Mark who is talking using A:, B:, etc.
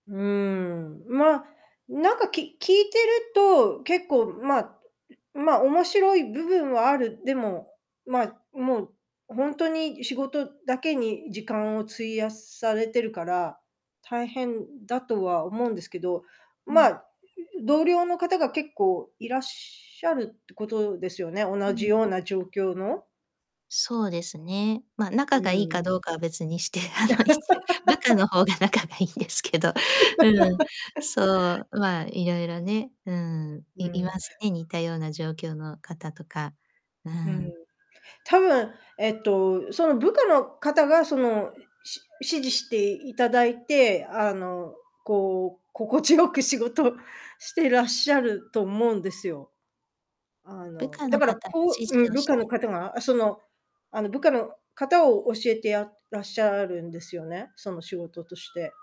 A: うーん、まあ、なんか、き聞いてると、結構まあ、ん、ん、まあ面白い部分はある、でも、ま、もうほんとに仕事だけに時間を費やされてるから、大変だとは思うんですけど、
B: う
A: まあ、
B: ん。
A: う、う、同僚の方が結構いらっしゃるってことですよね、
B: う
A: 同じ
B: ん。
A: ような状況の。
B: そうですね。ま、仲
A: う
B: がいいか
A: ん。
B: どうかは別にして、あの、いち部下の方が仲がいいんで すけど。うん、そ う。まあいろいろね、うん。
A: う
B: いいま
A: ん。
B: すね、似たような状況の方とか。う
A: うん。
B: ん。
A: 多分えっとその部下の方がそのし指示していただいて、あのこう心地よく仕事してらっしゃると思うんですよ。あ
B: 部
A: の、
B: 下
A: だ
B: の
A: から
B: 方が
A: こ
B: 指
A: うう
B: 示
A: ん、
B: を
A: 部
B: し
A: 下
B: て
A: の方があ、その、あの部下の方を教えてあらっしゃるんですよね、その仕事として。